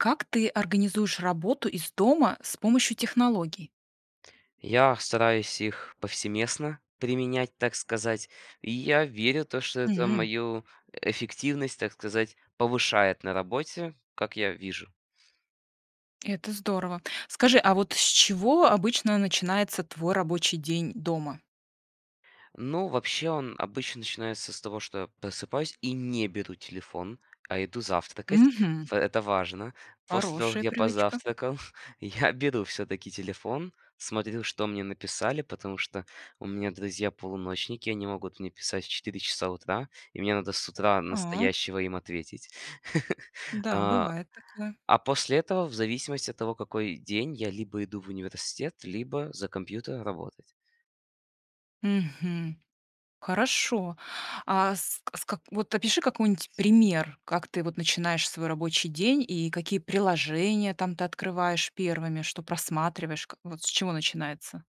Как ты организуешь работу из дома с помощью технологий? Я стараюсь их повсеместно применять, так сказать, и я верю, то что это М. мою эффективность, так сказать, повышает на работе, как я вижу. Это здорово. Скажи, а вот с чего обычно начинается твой рабочий день дома? Ну, вообще, он обычно начинается с того, что я просыпаюсь и не беру телефон, а иду завтракать. Мгм. В это важно. После того как Хорошая я привычка. позавтракал, я беру всё-таки телефон, смотрю, что мне написали, потому что у меня друзья-полуночники, и они могут мне писать в 4 часа утра, и мне надо с утра А. настоящего им ответить. Да, А. бывает такое. А после этого, в зависимости от того, какой день, я либо иду в университет, либо за компьютер работать. Мгм. Хорошо. А, ск ск вот опиши какой-нибудь пример, как ты вот начинаешь свой рабочий день и какие приложения, там, ты открываешь первыми, что просматриваешь, как вот, с чего начинается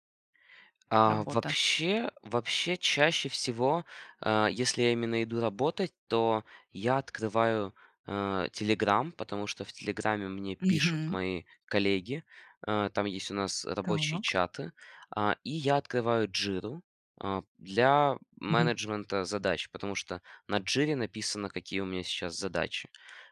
А, работа. вообще вообще, чаще всего, э, если я именно иду работать, то я открываю, э, "Телеграм", потому что в "Телеграме" мне пишут Мгм. мои коллеги. Э, там есть у нас рабочие Так. чаты, а, и я открываю "Джиру", а, для Мгм. менеджмента задач, потому что на "Джире" написано, какие у меня сейчас задачи.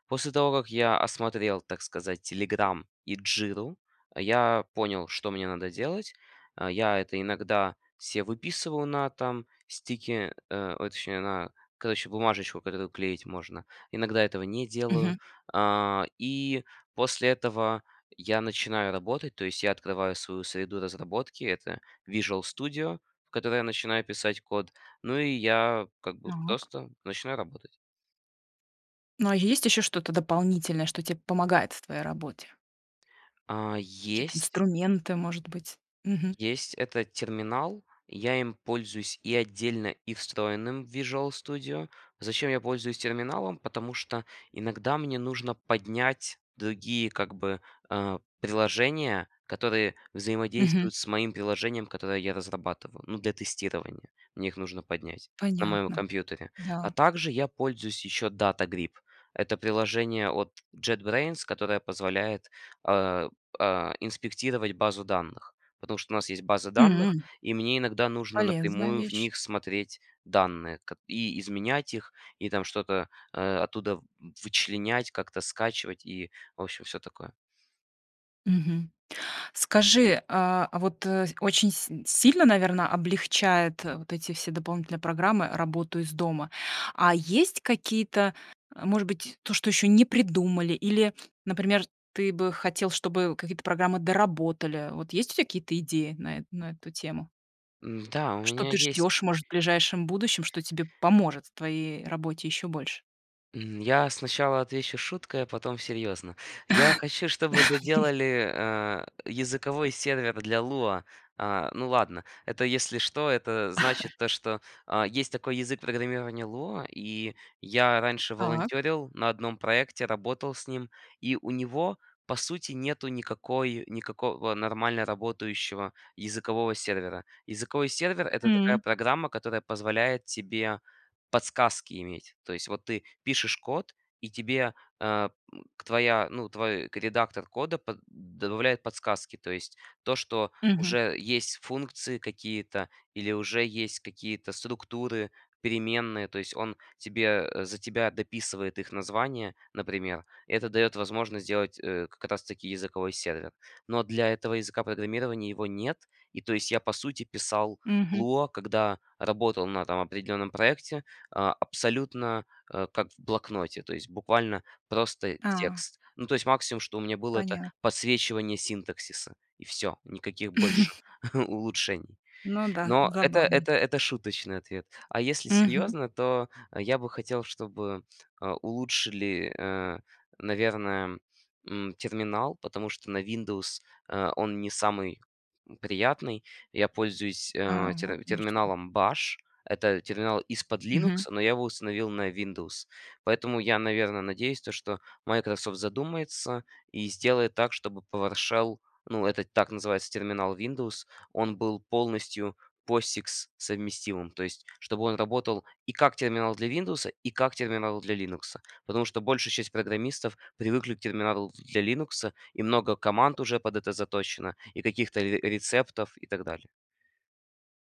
После того как я осмотрел, так сказать, "Телеграм" и "Джиру", я понял, что мне надо делать. Э, я это иногда се выписываю на там, стике э, ой, точнее на, короче, бумажечку, которую клеить можно, иногда этого не Мгм. делаю, а, и после этого я начинаю работать. То есть я открываю свою среду разработки- это "Visual Studio", в которой я начинаю писать код, ну и я, как бы, Так. просто начинаю работать. Ну, а есть еще что-то дополнительное, что тебе помогает в твоей работе? А, Какие-то есть инструменты, может быть? Мгм. Есть. Это терминал, я им пользуюсь и отдельно, и встроенным в Visual Studio. Зачем я пользуюсь терминалом? Потому что иногда мне нужно поднять другие как бы, э, приложения, которые Мгм. взаимодействуют с моим приложением, которое я разрабатываю, ну, для тестирования, мне их нужно поднять, на моем Понятно. компьютере. А Да. также я пользуюсь еще DataGrip- это приложение от JetBrains, которое позволяет, э, э, инспектировать базу данных, потому что у нас есть база данных М. и мне иногда нужно Полезная напрямую в вещь. них смотреть данные ко и изменять их и там что-то, э, оттуда вы вычленять, как-то скачивать и, в общем, всё такое. Мгм. Скажи, а, вот, э, очень си сильно, наверное, облегчает вот эти все дополнительные программы работу из дома? А есть какие-то, а, может быть, то, что еще не придумали, или, например, ты бы хотел, чтобы какие-то программы доработали? Вот есть у тебя какие-то идеи на эту на эту тему? Да, у Что меня ты есть. ждешь, может, в ближайшем будущем, что тебе поможет в твоей работе еще больше? М, я сначала отвечу шуткой, а потом серьезно. Я хочу, чтобы доделали, а, языковой сервер для Lua. А, ну ладно. Это, если что, это значит то, что, а, есть такой язык программирования Lua. И я раньше Так. волонтерил на 1 проекте, работал с ним, и у него по сути нету никакой никакого нормально работающего языкового сервера. Языковой сервер- это такая М. программа, которая позволяет тебе подсказки иметь. То есть вот ты пишешь код- и тебе, а, м, к твоя, ну, твой редактор кода под добавляет подсказки. То есть то, что Мгм. уже есть функции какие-то или уже есть какие-то структуры, переменные. То есть он тебе, э, за тебя дописывает их названия, например. И это дает возможность сделать, э, как раз таки языковой сервер. Но для этого языка программирования его нет. И, то есть я по сути писал Мгм. Lua, когда работал на там определенном проекте, а, абсолютно, а, как в блокноте. То есть буквально просто А. текст. Ну, то есть максимум, что у меня было,- это Понятно. подсвечивание синтаксиса, и всё, никаких больше улучшений. Ну да, Но это забавно. это это шуточный ответ, а если Мгм. серьезно, то я бы хотел, чтобы, а, улучшили, а, наверно, м, терминал. Потому что на Windows, а, он не самый, м, приятный. Я пользуюсь, а, А, вот тер оно что. терминалом Bash. Это терминал из-под Linux, Мгм. но я его установил на Windows. Поэтому я, наверно, надеюсь, то, что Microsoft задумается и сделает так, чтобы Powershell- ну, это так называется терминал Windows, он был полностью Posix-совместимым. То есть чтобы он работал и как терминал для "Виндоуса", и как терминал для "Линукса". Потому что большая часть программистов привыкли к терминалу для "Линукса" и много команд уже под это заточено и каких-то ре рецептов и так далее.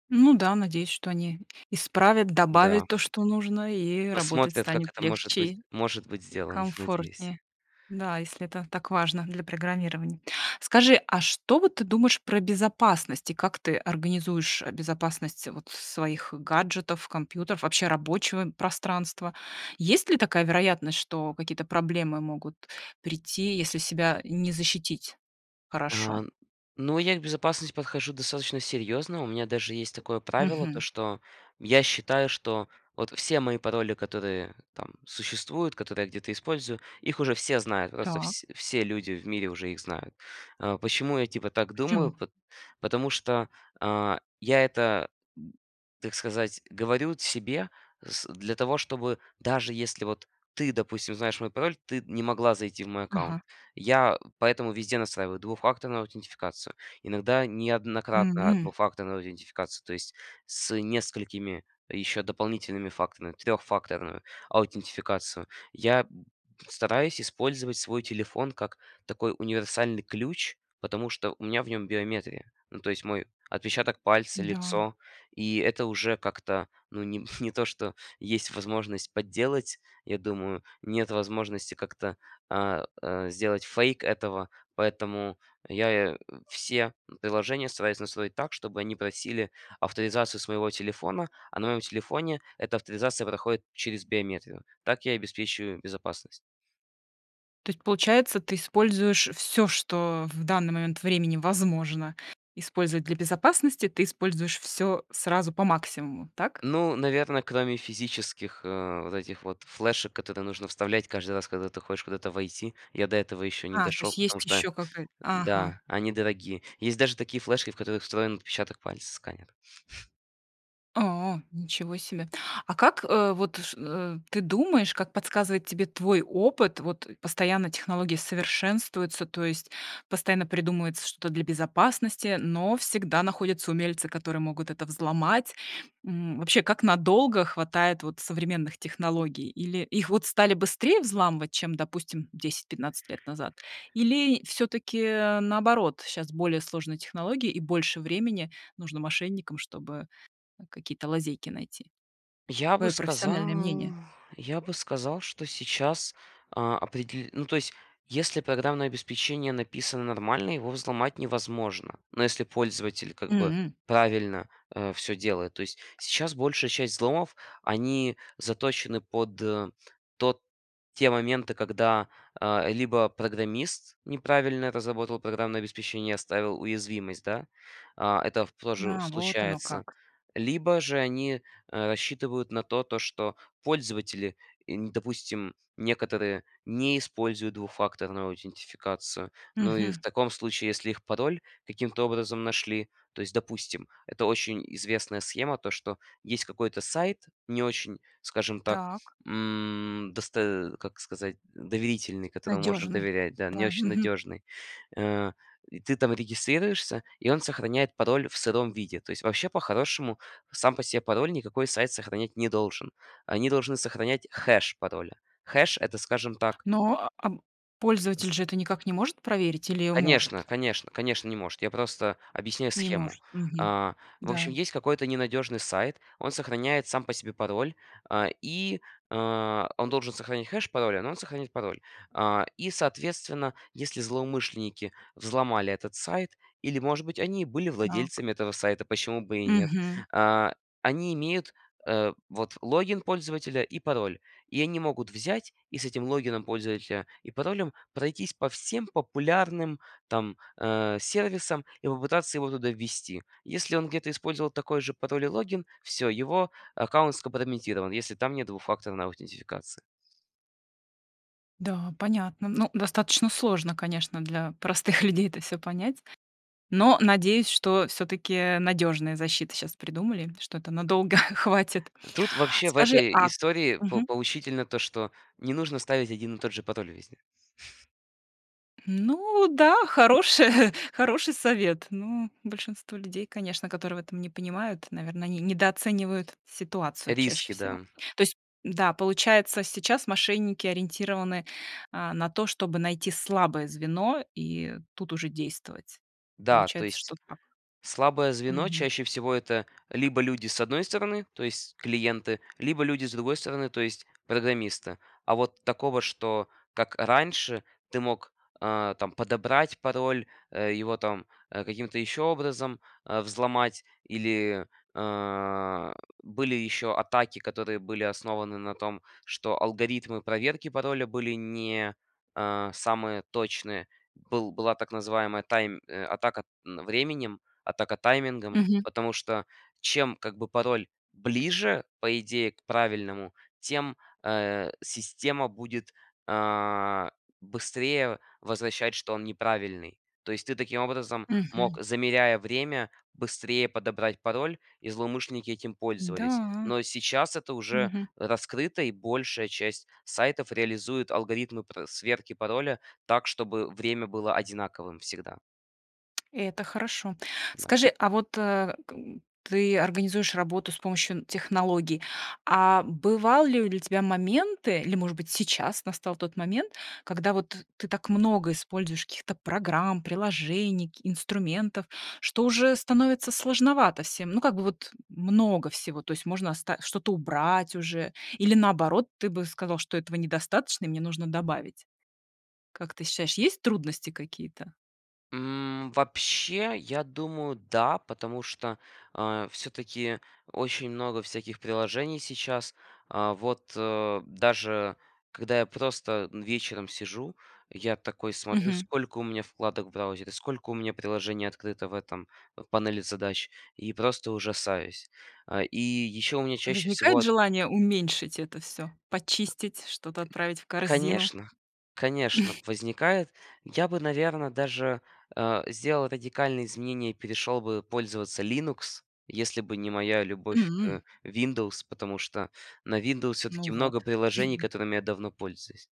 Ну да, надеюсь, что они исправят, Да. добавят то, что нужно, и работать Посмотрят, как станет это может быть легче может быть и сделано, надеюсь. комфортнее. Да, если это так важно для программирования. Скажи, а что вот ты думаешь про безопасность? И как ты организуешь безопасность вот своих гаджетов, компьютеров, вообще рабочего, м, пространства? Есть ли такая вероятность, что какие-то проблемы могут прийти, если себя не защитить хорошо? А, ну, я к безопасности подхожу достаточно серьезно, у меня даже есть такое правило: то, Мгм. что я считаю, что вот все мои пароли, которые там существуют, которые я где-то использую, их уже все знают, просто Так. вс все люди в мире уже их знают. А, почему я типа так думаю? Почему? Пот потому что, а, я это, г так сказать, говорю т себе с для того, чтобы, даже если вот ты, допустим, знаешь мой пароль, ты не могла зайти в мой аккаунт. Ага. Я поэтому везде настраиваю двухфакторную аутентификацию, иногда неоднократно М. двухфакторную аутентификацию, то есть с несколькими еще дополнительными факторами, трехфакторную аутентификацию. Я б стараюсь использовать свой телефон как такой универсальный ключ, потому что у меня в нем биометрия. Ну, то есть мой отпечаток пальца, Да. лицо. И это уже как-то, ну, не не то, что есть возможность подделать, я думаю, нет возможности как-то, а, а, сделать фейк этого. Поэтому я и все приложения стараюсь настроить так, чтобы они просили авторизацию своего телефона, а на моем телефоне эта авторизация проходит через биометрию. Так я и обеспечиваю безопасность. То есть получается, ты используешь всё, что в данный момент времени возможно использовать для безопасности? Ты используешь всё сразу по максимуму, так? Ну, наверно, кроме физических, а, вот этих вот флешек, которые нужно вставлять каждый раз, когда ты хочешь куда-то войти, я до этого еще не А, то дошел, есть потому есть что ещё какая-то, ага. да, они дорогие. Есть даже такие флешки, в которых встроен отпечаток пальца, сканер. О, ничего себе! А как, э, вот, ш э, ты думаешь, как подсказывает тебе твой опыт, вот постоянно технологии совершенствуются, то есть постоянно придумывается что-то для безопасности, но всегда находятся умельцы, которые могут это взломать, м, вообще, как надолго хватает вот современных технологий? Или их вот стали быстрее взламывать, чем, допустим, 10-15 лет назад? Или, всё-таки, а, наоборот, щас более сложные технологии, и больше времени нужно мошенникам, чтобы какие-то лазейки найти? Я бы Твое профессиональное сказал мнение. я бы сказал, что сейчас, а, определ ну, то есть если программное обеспечение написано нормально, его взломать невозможно. Но, если пользователь как бы М. правильно, а, всё делает. То есть сейчас большая часть взломов- они заточены под тот те моменты, когда, а, либо программист неправильно разработал программное обеспечение, оставил уязвимость, да. А, это в тоже А, вот оно случается, как. либо же они, а, рассчитывают на то то, что пользователи и не, допустим, некоторые не используют двухфакторную аутентификацию. Ну и, в Мгм. таком случае, если их пароль каким-то образом нашли, то есть, допустим, это очень известная схема, то, что есть какой-то сайт не очень, скажем так, Так. м, досто как сказать, доверительный, которому можно Надежный. доверять, да, не Да, очень мгм. надежный. А, и ты там регистрируешься, и, он сохраняет пароль в сыром виде. То есть вообще, по-хорошему, сам по себе пароль никакой сайт сохранять не должен. Они должны сохранять хэш пароля. Хэш- это, скажем так Но, а, б З пользователь же это никак не может проверить, или Конечно может? конечно конечно, не может, я просто объясняю Не схему. может, мгм. А, в Да. общем, есть какой-то ненадежный сайт, он сохраняет сам по себе пароль, а, и, а, он должен сохранять хэш пароля, но он сохранит пароль. А, и, соответственно, если злоумышленники взломали этот сайт или, может быть, они и были Так. владельцами этого сайта, почему бы и нет. Мгм. А, они имеют, э, вот, логин пользователя и пароль. И они могут взять и с этим логином пользователя и паролем пройтись по всем популярным там, а, сервисам и попытаться его туда ввести. Если он где-то использовал такой же пароль и логин- всё, его аккаунт скомпрометирован, если там нет двухфакторной аутентификации. Да, понятно. Ну, достаточно сложно, конечно, для простых людей это всё понять. Но, надеюсь, что, всё-таки, надёжные защиты щас придумали, что это надолго хватит. Э, тут вообще в Скажи, этой а истории по Мгм. поучительно то, что не нужно ставить один и тот же пароль везде. Ну да, хорошее, хороший совет. Но большинство людей, конечно, которые в этом не понимают, наверное, они недооценивают ситуацию чаще Риски, всего. да. То есть да, получается, сейчас мошенники ориентированы, э, на то, чтобы найти слабое звено, и тут уже действовать. Да, то Получается, есть что так. слабое звено Мгм. чаще всего- это либо люди с одной стороны, то есть клиенты, либо люди с другой стороны- то есть программисты. А вот такого, что как раньше, ты мог, а, там подобрать пароль, его, там, э, каким-то еще образом, э, взломать, или, а, были еще атаки, которые были основаны на том, что алгоритмы проверки пароля были не, а, самые точные. Был была так называемая тайм, э, атака временем, атака таймингом, Мгм. потому что чем, как бы пароль ближе, по идее, к правильному, тем, э, система будет, а, быстрее возвращать, что он неправильный, то есть, ты таким образом мог, Мгм. замеряя время, быстрее подобрать пароль, и злоумышленники этим пользовались, Да. но сейчас это уже Мгм. раскрыто, и большая часть сайтов реализует алгоритмы пр сверки пароля так, чтобы время было одинаковым всегда. Это хорошо. Да. Скажи, а вот к ты организуешь работу с помощью технологий, а бывали ли у тебя моменты, или, может быть, сейчас настал тот момент, когда вот ты так много используешь каких-то программ, приложений, к инструментов, что уже становится сложновато всем. Ну как бы вот много всего, то есть можно оста что-то убрать уже или наоборот, ты бы сказал, что этого недостаточно и мне нужно добавить. Как ты считаешь, есть трудности какие-то? М, вообще, я думаю, да, потому что, а, все-таки очень много всяких приложений сейчас, а, вот, а, даже когда я просто вечером сижу, я такой смотрю Мгм. сколько у меня вкладок в браузере, сколько у меня приложений открыто, в этом, в панели задач, и просто ужасаюсь. А, и еще у меня чаще всего Возникает ат желание уменьшить это все, почистить, что-то отправить в корзину? Конечно, конечно, возникает я бы наверное даже, а, сделал радикальные изменения и перешел бы пользоваться Linux, если бы не моя любовь М. к Windows, потому что на Windows Ну все-таки много вот. приложений которыми я давно пользуюсь.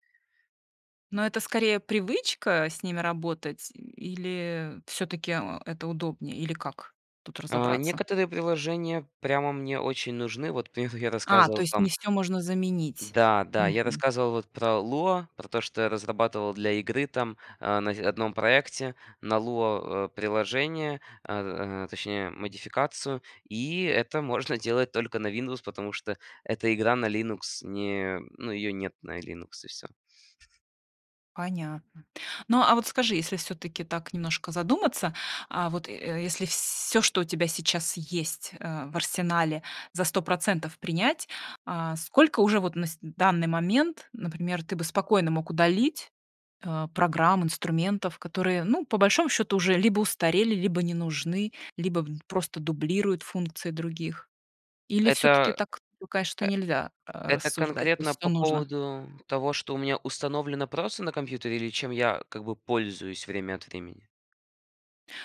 Но это скорее привычка с ними работать или все-таки, а, это удобнее, или как тут А, разобраться? некоторые приложения прямо мне очень нужны, вот про них я А, то рассказывал, есть там не всё можно заменить. Да, да, я Мгм. рассказывал вот про Lua, про то что я разрабатывал для игры там, а, на в одном проекте на Lua, а, приложение, а, а, точнее модификацию и это можно делать только на Windows, потому что эта игра на Linux не, ну ее нет на Linux, и всё. Понятно. Ну а вот скажи, если всё-таки так немножко задуматься, а вот, э, если всё что у тебя сейчас есть э в арсенале, за 100% принять, э сколько уже вот на с данный момент, например, ты бы спокойно мог удалить, э, программ, инструментов, которые, ну по большому счету, уже либо устарели, либо не нужны, либо н просто дублируют функции других. Или всё-таки Это, так, ну конечно, нельзя р э, это рассуждать, то есть конкретно всё по нужно? поводу того, что у меня установлено просто на компьютере, или чем я, как бы, пользуюсь время от времени?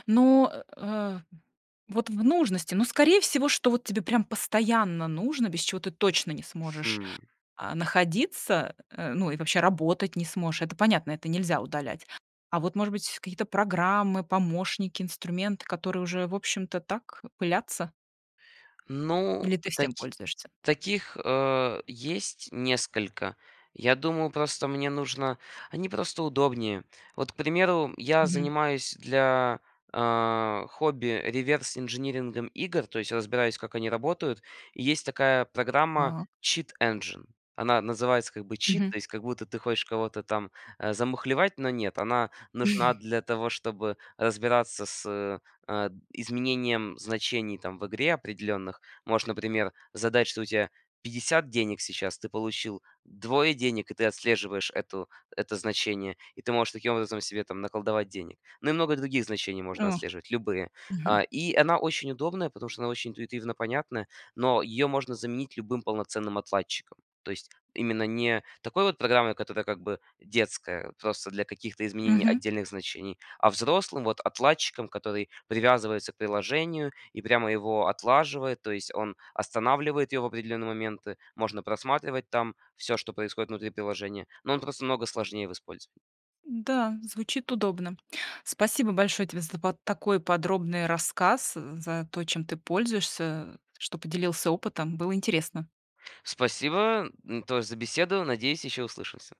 Ну, э, вот в нужности, ну скорее всего, что вот тебе прямо постоянно нужно, без чего ты точно не сможешь, Хм. а, находиться, э, ну и вообще работать не сможешь, это понятно, это нельзя удалять. А вот может быть какие-то программы, помощники, инструменты, которые уже, в общем-то, так, пылятся? Ну, Или ты всем таки пользуешься? таких, э, есть несколько, я думаю, просто мне нужно, они просто удобнее, вот к примеру я Мгм. занимаюсь для, э, хобби реверс инжинирингом игр, то есть разбираюсь как они работают, и есть такая программа Так. cheat engine, она называется как бы cheat, Мгм. то есть как будто ты хочешь кого-то там, а, замухлевать, но нет. Она нужна для того, чтобы разбираться с, э, изменением значений там в игре, определенных. Можешь, например, задать что у тебя 50 денег сейчас, ты получил 2 денег, и ты отслеживаешь эту это значение, и ты можешь таким образом себе там наколдовать денег. Ну и много других значений можно О! отслеживать, любые. А, Мгм. и она очень удобная, потому что она очень интуитивно понятная, но ее можно заменить любым полноценным отладчиком, то есть именно не такой вот программой, которая как бы детская, вот просто для каких-то изменений Мгм. отдельных значений, а взрослым вот отладчиком, который привязывается к приложению и прямо его отлаживает, то есть он останавливает его в определенные моменты, можно просматривать там всё, что происходит внутри приложения, но он просто намного сложнее в использовании. Да, звучит удобно. Спасибо большое тебе за па такой подробный рассказ, за то, чем ты пользуешься, что поделился опытом, было интересно. Спасибо, м, тоже за беседу, надеюсь, еще услышимся.